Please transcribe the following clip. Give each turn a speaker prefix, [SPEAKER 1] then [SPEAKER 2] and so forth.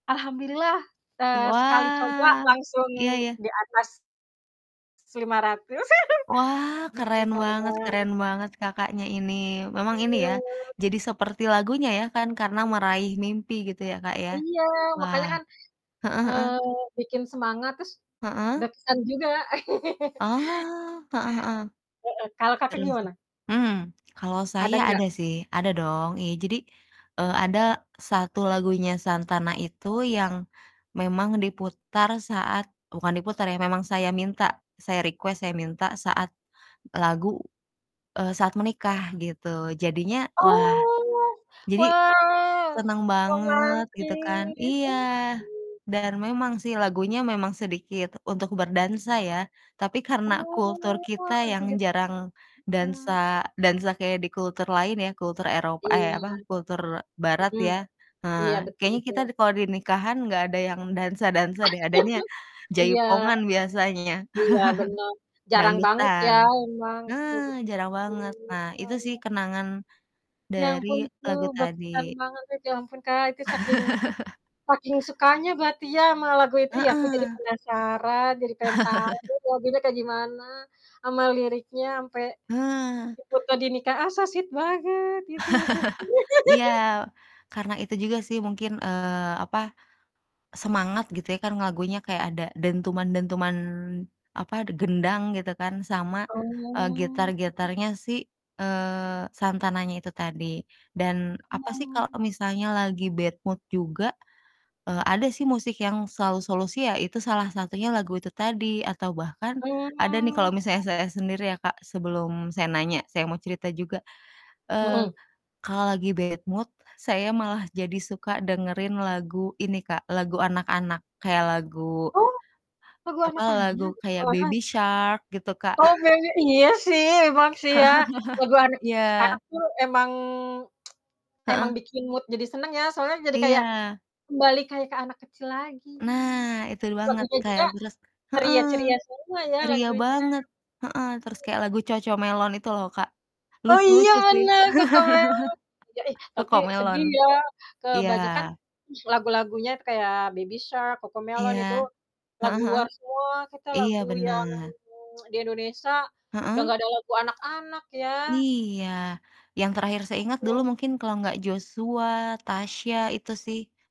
[SPEAKER 1] Alhamdulillah,
[SPEAKER 2] Eh
[SPEAKER 1] eee, sekali coba
[SPEAKER 2] wah,
[SPEAKER 1] langsung
[SPEAKER 2] iya ya.
[SPEAKER 1] di atas 500
[SPEAKER 2] Wah,
[SPEAKER 1] gitu
[SPEAKER 2] keren banget
[SPEAKER 1] kadang.
[SPEAKER 2] keren banget Kakaknya ini, memang ini ya,
[SPEAKER 1] Iya.
[SPEAKER 2] jadi seperti lagunya ya kan, karena "Meraih Mimpi" gitu ya Kak, ya.
[SPEAKER 1] Iya, makanya kan,
[SPEAKER 2] heeh
[SPEAKER 1] eee,
[SPEAKER 2] heeh.
[SPEAKER 1] bikin semangat terus
[SPEAKER 2] Heeh.
[SPEAKER 1] berkesan juga.
[SPEAKER 2] Oh, heeh heeh,
[SPEAKER 1] Heeh, kalau Kakak
[SPEAKER 2] terus
[SPEAKER 1] gimana?
[SPEAKER 2] hmm. Kalau
[SPEAKER 1] Ada
[SPEAKER 2] saya
[SPEAKER 1] nggak?
[SPEAKER 2] ada sih ada dong, iya jadi, eee, ada satu lagunya Santana itu yang memang diputar saat bukan diputar ya, memang saya minta, saya request, saya minta saat lagu, eee, saat menikah gitu, jadinya wah,
[SPEAKER 1] Oh,
[SPEAKER 2] jadi
[SPEAKER 1] wow,
[SPEAKER 2] seneng banget gitu kan
[SPEAKER 1] romantis sekali.
[SPEAKER 2] iya, dan memang sih lagunya memang sedikit untuk berdansa ya. Tapi karena
[SPEAKER 1] Oh,
[SPEAKER 2] kultur kita
[SPEAKER 1] lagu
[SPEAKER 2] yang jarang dansa
[SPEAKER 1] Santana.
[SPEAKER 2] dansa kayak di kultur lain ya, kultur Eropa eh, apa,
[SPEAKER 1] iya,
[SPEAKER 2] kultur Barat
[SPEAKER 1] mhm.
[SPEAKER 2] ya. Nah
[SPEAKER 1] Iya betul
[SPEAKER 2] kayaknya kita
[SPEAKER 1] betul.
[SPEAKER 2] kalau di nikahan gak ada yang dansa-dansa deh, adanya
[SPEAKER 1] Iya.
[SPEAKER 2] jaipongan biasanya,
[SPEAKER 1] Iya benar, jarang banget ya
[SPEAKER 2] dangdutan.
[SPEAKER 1] memang, betul
[SPEAKER 2] Nah,
[SPEAKER 1] betul
[SPEAKER 2] jarang
[SPEAKER 1] betul.
[SPEAKER 2] banget, nah
[SPEAKER 1] Ah
[SPEAKER 2] itu sih
[SPEAKER 1] iya.
[SPEAKER 2] kenangan
[SPEAKER 1] Ya
[SPEAKER 2] dari
[SPEAKER 1] ampun, itu
[SPEAKER 2] lagu
[SPEAKER 1] berkesan
[SPEAKER 2] tadi.
[SPEAKER 1] banget itu. Ya ampun Kak, saking saking sukanya berarti ya, sama lagu itu ya, aku jadi
[SPEAKER 2] Heeh.
[SPEAKER 1] penasaran, jadi pengen tahu lagunya kayak gimana sama liriknya sampe
[SPEAKER 2] Heeh.
[SPEAKER 1] ikut tadi nikah, ah so sweet banget gitu.
[SPEAKER 2] Iya, karena itu juga sih mungkin, eee, apa, semangat gitu ya kan, lagunya kayak ada dentuman-dentuman, apa de gendang gitu kan sama, eee,
[SPEAKER 1] Oh.
[SPEAKER 2] gitar-gitarnya si, eee, Santananya itu tadi dan apa sih kalo
[SPEAKER 1] Oh.
[SPEAKER 2] misalnya lagi bad mood juga, eee, ada sih musik yang selalu solusi ya, salah satunya lagu itu tadi atau bahkan ada nih
[SPEAKER 1] Oh.
[SPEAKER 2] kalo misalnya saya sendiri ya Kak, sebelum saya nanya, saya mau cerita juga. Eee,
[SPEAKER 1] Hmm.
[SPEAKER 2] kalo lagi bad mood saya malah jadi suka dengerin lagu ini Kak, lagu anak-anak, kayak lagu
[SPEAKER 1] Oh, lagu
[SPEAKER 2] apa,
[SPEAKER 1] anak anak,
[SPEAKER 2] lagu kayak
[SPEAKER 1] malahan?
[SPEAKER 2] Baby Shark gitu Kak.
[SPEAKER 1] Oh Baby iya sih, emang sih ya, lagu
[SPEAKER 2] Iya.
[SPEAKER 1] anak-anak tuh emang emang
[SPEAKER 2] Heeh.
[SPEAKER 1] bikin mood jadi seneng ya, soalnya jadi kayak
[SPEAKER 2] Iya.
[SPEAKER 1] kembali kayak ke anak kecil lagi.
[SPEAKER 2] Nah, itu banget
[SPEAKER 1] Lagunya
[SPEAKER 2] Kak, ya
[SPEAKER 1] juga
[SPEAKER 2] terus heeh,
[SPEAKER 1] ceria-ceria semua ya
[SPEAKER 2] ceria
[SPEAKER 1] lagunya.
[SPEAKER 2] banget heeh.
[SPEAKER 1] Oh,
[SPEAKER 2] Terus
[SPEAKER 1] iya.
[SPEAKER 2] kayak lagu CoComelon itu loh Kak,
[SPEAKER 1] Oh iya
[SPEAKER 2] lucu-lucu sih.
[SPEAKER 1] bener, CoComelon. Iya ih, tapi
[SPEAKER 2] CoComelon
[SPEAKER 1] sedih ya,
[SPEAKER 2] iya.
[SPEAKER 1] kebanyakan lagu-lagunya kayak Baby Shark,
[SPEAKER 2] Iya,
[SPEAKER 1] CoCoMelon itu
[SPEAKER 2] heeh
[SPEAKER 1] lagu
[SPEAKER 2] heeh.
[SPEAKER 1] luar semua, kita
[SPEAKER 2] Iya
[SPEAKER 1] lagu yang
[SPEAKER 2] bener.
[SPEAKER 1] di Indonesia udah
[SPEAKER 2] Heeh.
[SPEAKER 1] gak ada lagu anak-anak ya?
[SPEAKER 2] Iya, yang terakhir saya ingat dulu
[SPEAKER 1] Heeh.
[SPEAKER 2] mungkin kalo gak Joshua, Tasya, itu sih.